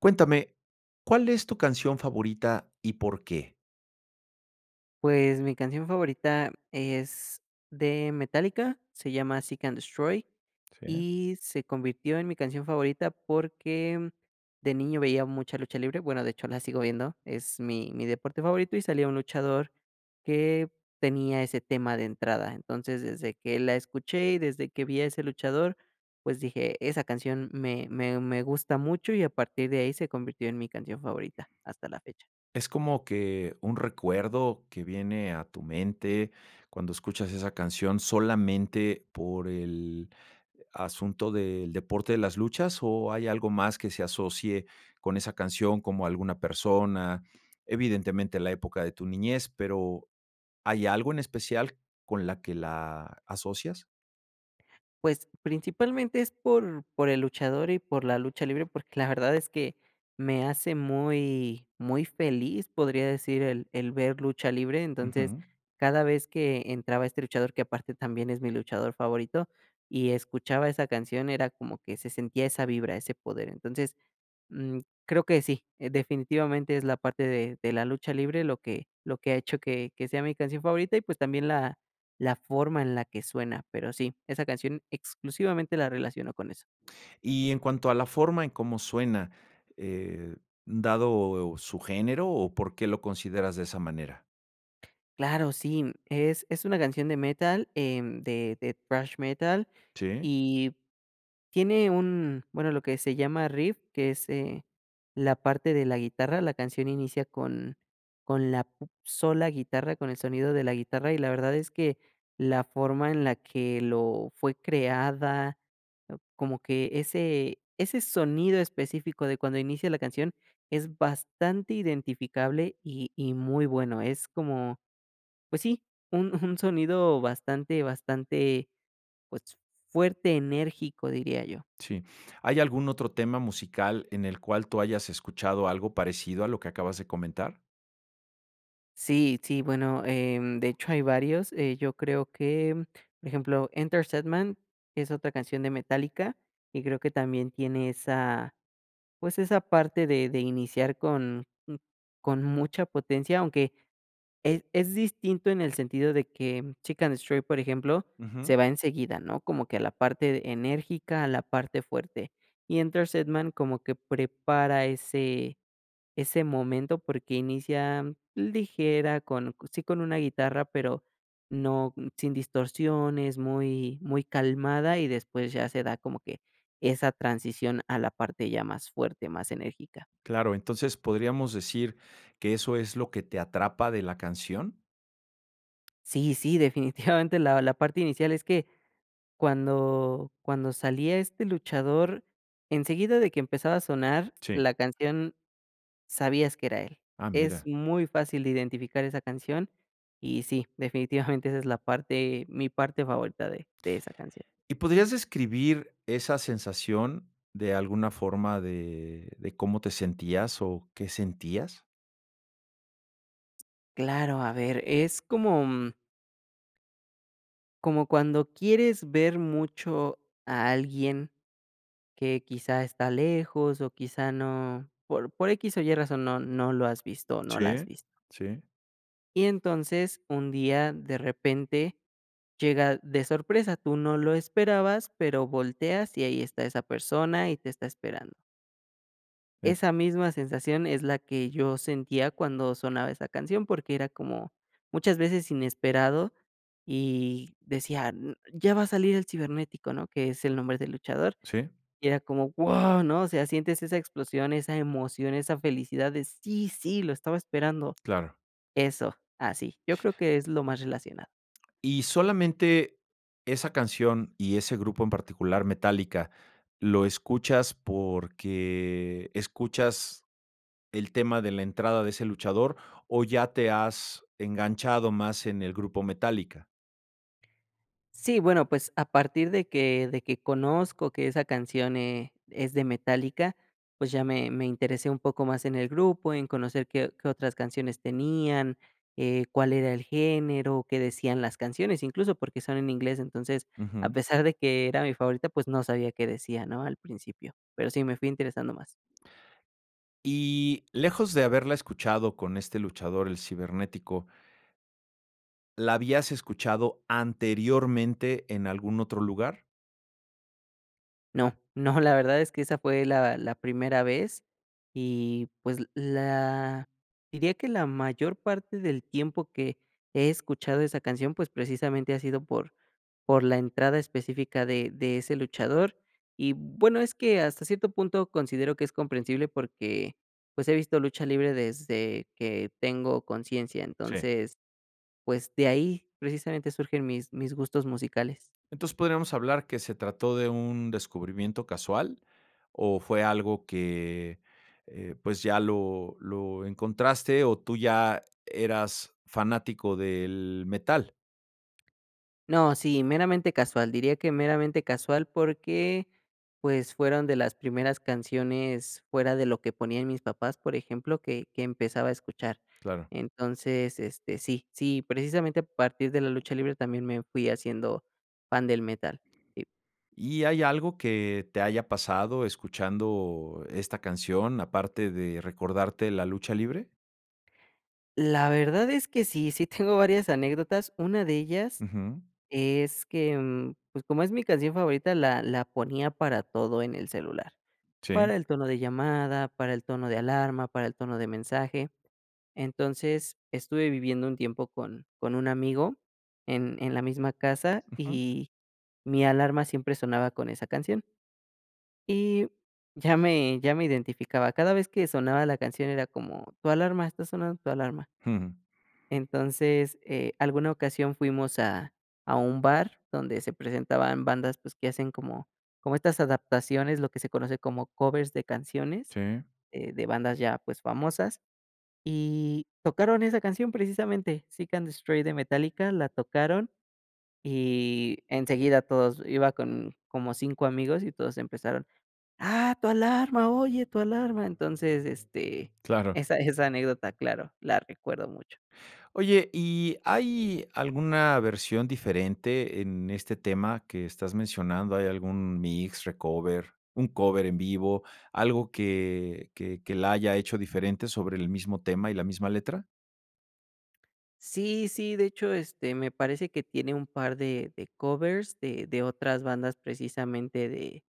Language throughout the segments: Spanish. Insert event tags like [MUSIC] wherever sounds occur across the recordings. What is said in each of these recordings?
Cuéntame, ¿cuál es tu canción favorita y por qué? Pues, mi canción favorita es de Metallica, se llama Seek and Destroy Sí. y se convirtió en mi canción favorita, porque, de niño veía mucha lucha libre, bueno, de hecho la sigo viendo, es mi mi deporte favorito y salía un luchador que tenía ese tema de entrada. Entonces, desde que la escuché y desde que vi a ese luchador, pues, dije: "Esa canción me me me gusta mucho", y a partir de ahí se convirtió en mi canción favorita hasta la fecha. ¿Es como que un recuerdo que viene a tu mente cuando escuchas esa canción, solamente por el asunto del deporte de las luchas, o hay algo más que se asocie con esa canción como alguna persona? Evidentemente, la época de tu niñez, pero, ¿hay algo en especial con la que la asocias? Pues, principalmente es por por el luchador y por la lucha libre, porque, la verdad es que me hace muy muy feliz podría decir el el ver lucha libre entonces Ujú. cada vez que entraba este luchador, que aparte también es mi luchador favorito y escuchaba esa canción era como que se sentía esa vibra, ese poder. Entonces, mm, creo que sí, definitivamente es la parte de de la lucha libre, lo que lo que ha hecho que que sea mi canción favorita y pues, también la la forma en la que suena pero sí esa canción exclusivamente la relaciono con eso. Y en cuanto a la forma en cómo suena, eh, dado su género, o, ¿por qué lo consideras de esa manera? Claro sí, em, es es una canción de metal, em, de, thrash metal Sí. y tiene un bueno lo que se llama riff, que es eh, la parte de la guitarra, la canción inicia con con la pu sola guitarra, con el sonido de la guitarra. Y la verdad es que la forma en la que lo fue creada, ah, como que ese ese sonido específico de cuando inicia la canción es bastante identificable y y muy bueno. Es como, pues sí, un un [CHUCKLES] sonido bastante, bastante, pues, fuerte enérgico diría yo. Sí, ¿hay algún otro tema musical en el cual tú hayas escuchado algo parecido a lo que acabas de comentar? Sí, sí, bueno, em, de hecho hay varios, eh, yo creo que, por ejemplo, Enter Sandman, que es otra canción de Metallica, y creo que también tiene esa, pues, esa parte de de iniciar con con mucha potencia, aunque, es es distinto en el sentido de que Chick and Stray, por ejemplo, Ujú. se va enseguida, ¿no? Como que a la parte enérgica, a la parte fuerte. Y Enter Sandman, como que prepara ese ese momento porque inicia ligera con, sí, con una guitarra, pero no sin distorsiones, muy muy calmada, y después ya se da como que esa transición a la parte ya más fuerte, más enérgica. Claro, entonces, ¿podríamos decir que eso es lo que te atrapa de la canción? Sí, sí. Definitivamente, la la parte inicial es que, cuando cuando salía este luchador, enseguida de que empezaba a sonar Sí. la canción, sabías que era él. Ah, Es mira. muy fácil de identificar esa canción, y sí, definitivamente esa es la parte mi parte favorita de de esa canción. ¿Y podrías describir esa sensación, de alguna forma de de cómo te sentías, o qué sentías? Claro, a ver, es como, mm como cuando quieres ver mucho a alguien, que quizá está lejos o quizá no por por equis o ye razón, no no lo has visto, o no la has Sí. visto. Sí. Y entonces, un día de repente, llega de sorpresa. Tú no lo esperabas, pero volteas y ahí está esa persona y te está esperando. En Esa misma sensación es la que yo sentía cuando sonaba esa canción, porque era como, muchas veces inesperado y decía: "N ya va a salir el Cibernético", ¿no?, que es el nombre del luchador, Sí. y era como, ¡guau!, ¿no?, o sea, sientes esa explosión, esa emoción, esa felicidad de, ¡sí!, ¡sí! lo estaba esperando. Claro. Eso, así. Yo creo que es lo más relacionado. Y solamente, esa canción y ese grupo en particular, Metallica, ¿lo escuchas porque escuchas el tema de la entrada de ese luchador, o ya te has enganchado más en el grupo Metallica? Sí, bueno, pues, a partir de que de que conozco que esa canción, eh, es de Metallica, pues, ya me me interesé un poco más en el grupo, en conocer qué o qué otras canciones tenían, eh, cuál era el género, qué decían las canciones incluso, porque son en inglés. Entonces, a Ujú. pesar de que era mi favorita, pues, no sabía qué decía, ¿no?, al principio. Pero sí, me fui interesando más. Y lejos de haberla escuchado con este luchador, El Cibernético ¿La habías escuchado anteriormente en algún otro lugar? No, no, la verdad es que esa fue la la primera vez, y pues, l la diría que la mayor parte del tiempo que he escuchado esa canción, pues, precisamente ha sido por por la entrada específica de de ese luchador y, bueno, es que hasta cierto punto considero que es comprensible porque, pues, he visto lucha libre desde que tengo conciencia. Sí. Entonces, pues, de ahí precisamente surgen mis mis gustos musicales. Entonces, ¿podríamos hablar que se trató de un descubrimiento casual, o fue algo que, eh, pues, ya lo lo encontraste, o tú ya eras fanático del metal? No, sí, meramente casual. Diría que meramente casual, porque pues, fueron de las primeras canciones fuera de lo que ponían mis papás, por ejemplo, que que empezaba a escuchar. Claro. Entonces, este, sí, sí, precisamente, a partir de la lucha libre también me fui haciendo, fan del metal. Y ¿Y hay algo que te haya pasado escuchando esta canción, aparte de recordarte la lucha libre? La verdad es que sí, sí tengo varias anécdotas. Una de ellas Ujú. es que, mm, pues, como es mi canción favorita, la la ponía para todo en el celular. Sí. Para el tono de llamada, para el tono de alarma, para el tono de mensaje. Entonces, estuve viviendo un tiempo con con un amigo en en la misma casa Ujú. y mi alarma siempre sonaba con esa canción. Y ya me ya me identificaba, cada vez que sonaba la canción, era como, tu alarma, está sonando tu alarma. Jum. Entonces, eh, alguna ocasión fuimos a a un bar donde se presentaban bandas, pues, que hacen como como estas adaptaciones, lo que se conoce como covers de canciones, Sí. eh, de bandas ya, pues, famosas. Y tocaron esa canción, precisamente, Seek and Destroy de Metallica, la tocaron, y enseguida, todos iba con como 5 amigos y todos empezaron: "¡Ah, tu alarma! ¡Oye, tu alarma!". Entonces, este, Claro. esa esa anécdota, claro, la recuerdo mucho. Oye, ¿y hay alguna versión diferente en este tema que estás mencionando? ¿Hay algún mix, recover, un cover en vivo, algo que que que la haya hecho diferente sobre el mismo tema y la misma letra? Sí, sí, de hecho, este, me parece que tiene un par de de covers de de otras bandas precisamente de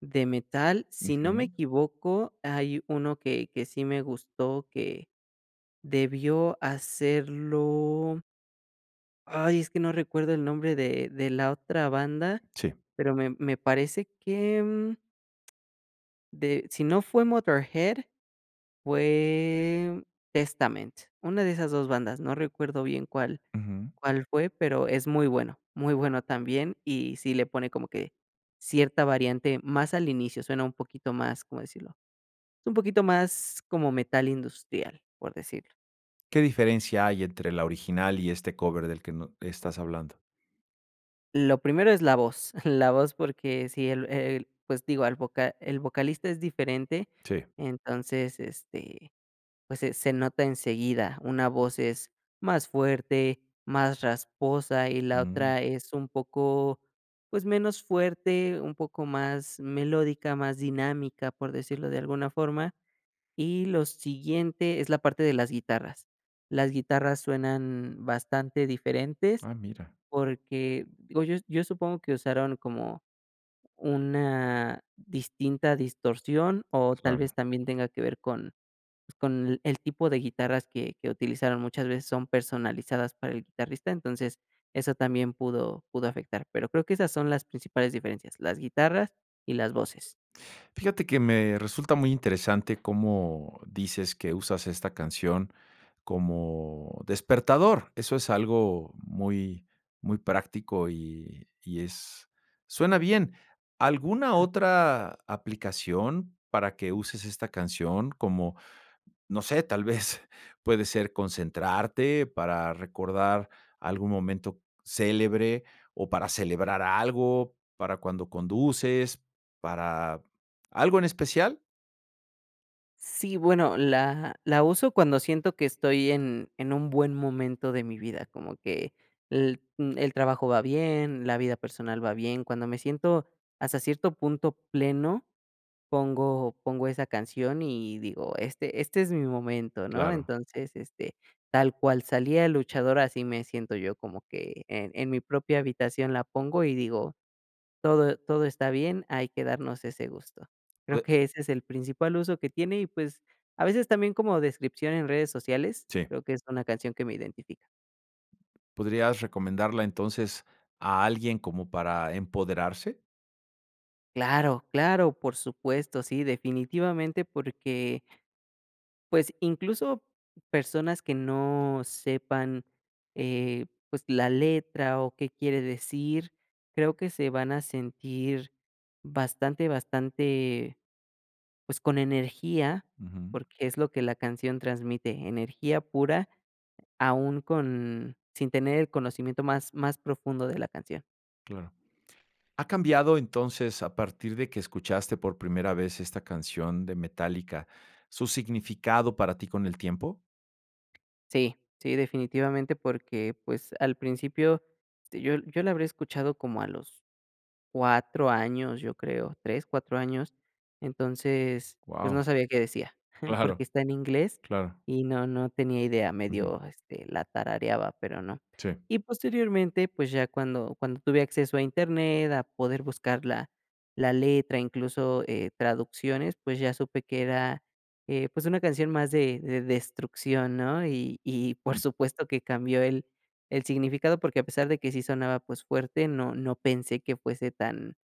de metal. Si no me Ujú. equivoco, hay uno que que sí me gustó, que debió hacerlo ay, es que no recuerdo el nombre de de la otra banda, Sí. pero, me me parece que, mm de si no fue Motörhead, fue Testament, una de esas 2 bandas, no recuerdo bien cuál Ujú. cuál fue, pero es muy bueno, muy bueno también, y sí le pone como que cierta variante más al inicio, suena un poquito más, ¿cómo decirlo? Es un poquito más como metal industrial, por decir. ¿Qué diferencia hay entre la original y este cover del que no estás hablando? Lo primero es la voz, [CHUCKLES] la voz, porque si el el, pues, digo, al voca el vocalista es diferente, Sí. entonces este, pues, se se nota enseguida. Una voz es más fuerte, más rasposa y la Mm. otra es un poco, pues, menos fuerte, un poco más melódica, más dinámica, por decirlo de alguna forma. Y lo siguiente es la parte de las guitarras. Las guitarras suenan bastante diferentes Ah, mira. porque, digo yo yo supongo que usaron como una distinta distorsión, o tal Claro. vez también tenga que ver con, pues, con el tipo de guitarras que que utilizaron, muchas veces son personalizadas para el guitarrista, entonces, eso también pudo pudo afectar. Pero creo que esas son las principales diferencias, las guitarras y las voces. Fíjate que me resulta muy interesante cómo dices que usas esta canción como despertador, eso es algo muy muy práctico y y es suena bien, ¿alguna Claro. otra aplicación para que uses esta canción, como, no sé, tal vez, puede ser concentrarte, para recordar algún momento célebre, o para celebrar algo, para cuando conduces, para algo en especial? Sí, bueno, la la uso cuando siento que estoy en en un buen momento de mi vida, como que el, mm, el trabajo va bien, la vida personal va bien. Cuando me siento hasta cierto punto pleno, pongo pongo esa canción y digo: "Este este es mi momento", ¿no? Claro. Entonces, este, tal cual salía el luchador, así me siento yo, como que en en mi propia habitación la pongo y digo: "Todo todo está bien", hay que darnos ese gusto. Creo Pue que ese es el principal uso que tiene y, pues, a veces también como descripción en redes sociales, Sí. creo que es una canción que me identifica. ¿Podrías recomendarla entonces, a alguien como para empoderarse? Claro, claro, por supuesto, sí, definitivamente, porque pues, incluso personas que no sepan, eh, pues, la letra o qué quiere decir, creo que se van a sentir bastante bastante, pues, con energía, Ujú. porque, es lo que la canción transmite, energía pura, aún con sin tener el conocimiento más más profundo de la canción. Claro, ¿ha cambiado entonces, a partir de que escuchaste por primera vez esta canción de Metallica, su significado para ti con el tiempo? Sí, sí definitivamente, porque pues, al principio, este, yo yo la habré escuchado como a los 4 años, yo creo, 3, 4 años, entonces, pues, no Guau. sabía qué decía, [CHUCKLES] Claro. porque, está en inglés Claro. y no no tenía idea, Ujú. medio, este, la tarareaba, pero, no. Sí. Y posteriormente, pues, ya cuando cuando tuve acceso a Internet, a poder buscar la la letra, incluso, eh, traducciones, pues ya supe que era, eh, pues una canción más de destrucción, ¿no? Y y por Ujú. supuesto que cambió el el significado, porque, a pesar de que sí sonaba, pues fuerte, no no pensé que fuese tan,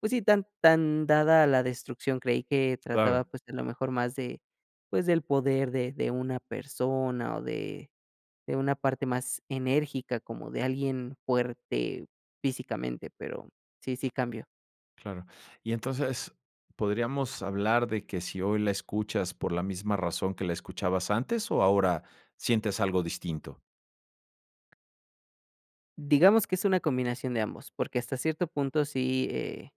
pues sí tan tan dada a la destrucción, creí que trataba Claro. pues a lo mejor más de pues, del poder de de una persona, o de de una parte más enérgica como de alguien fuerte físicamente, pero, sí sí cambió. Claro. Y entonces, ¿podríamos hablar de que si hoy la escuchas por la misma razón que la escuchabas antes, o ahora sientes algo distinto? Digamos que es una combinación de ambos, porque, hasta cierto punto sí, eh,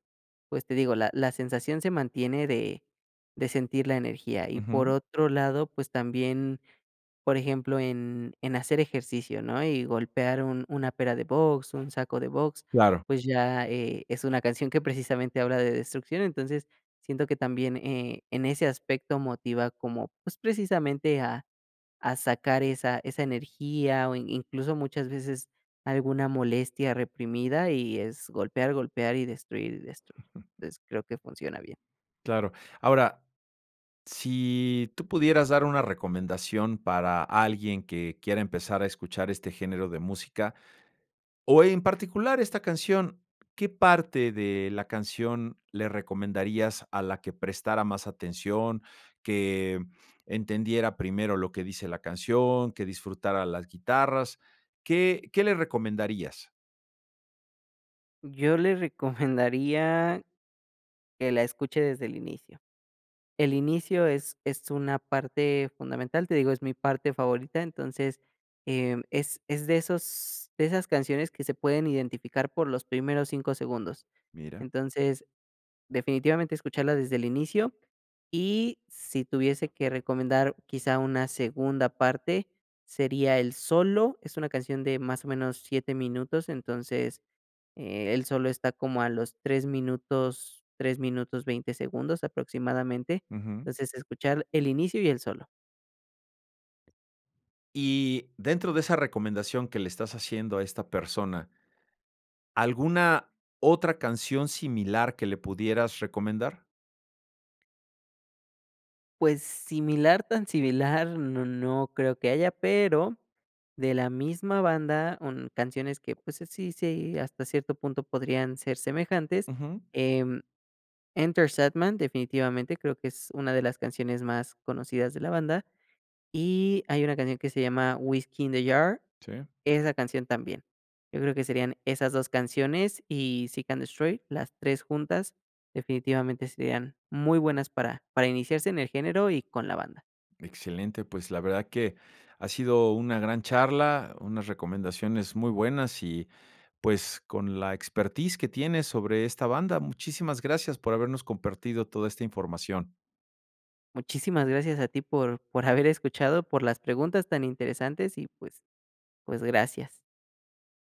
pues, te digo, la la sensación se mantiene de de sentir la energía. Y, por Ujú. otro lado, pues, también, por ejemplo, en en hacer ejercicio, ¿no?, y golpear un una pera de box, un saco de box, Claro. pues, ya, eh, es una canción que, precisamente, habla de destrucción. Entonces, siento que también, eh, en ese aspecto, motiva como, pues, precisamente, a a sacar esa esa energía, o in incluso, muchas veces, alguna molestia reprimida y es golpear, golpear y destruir, y destruir. Entonces, creo que funciona bien. Claro. Ahora, si tú pudieras dar una recomendación para alguien que quiera empezar a escuchar este género de música, o en particular esta canción, ¿qué parte de la canción le recomendarías a la que prestara más atención?, que entendiera primero lo que dice la canción, que disfrutara las guitarras, ¿qué qué le recomendarías? Yo le recomendaría que la escuche desde el inicio. El inicio es es una parte fundamental, te digo, es mi parte favorita, entonces, em, es es de esos de esas canciones que se pueden identificar por los primeros 5 segundos. Mira. Entonces, definitivamente, escucharla desde el inicio, y, si tuviese que recomendar quizá una segunda parte, sería el solo. Es una canción de, más o menos, 7 minutos, entonces, eh, el solo está como a los 3 minutos, 3 minutos, 20 segundos aproximadamente. Ujú. Entonces, escuchar el inicio y el solo. Y dentro de esa recomendación que le estás haciendo a esta persona ¿alguna otra canción similar que le pudieras recomendar? Pues similar, tan similar, no no creo que haya, pero, de la misma banda, un canciones que, pues, así sí hasta cierto punto podrían ser semejantes, Ujú. em, Enter Sandman definitivamente creo que es una de las canciones más conocidas de la banda, y hay una canción que se llama Whiskey in the Jar, Sí. esa canción también. Yo creo que serían esas 2 canciones y Sick and Destroy, las 3 juntas, definitivamente serían muy buenas, para para iniciarse en el género y con la banda. Excelente, pues, la verdad que ha sido una gran charla, unas recomendaciones muy buenas y pues, con la expertise que tienes sobre esta banda. Muchísimas gracias por habernos compartido toda esta información. Muchísimas gracias a ti, por por haber escuchado, por las preguntas tan interesantes y pues pues, gracias.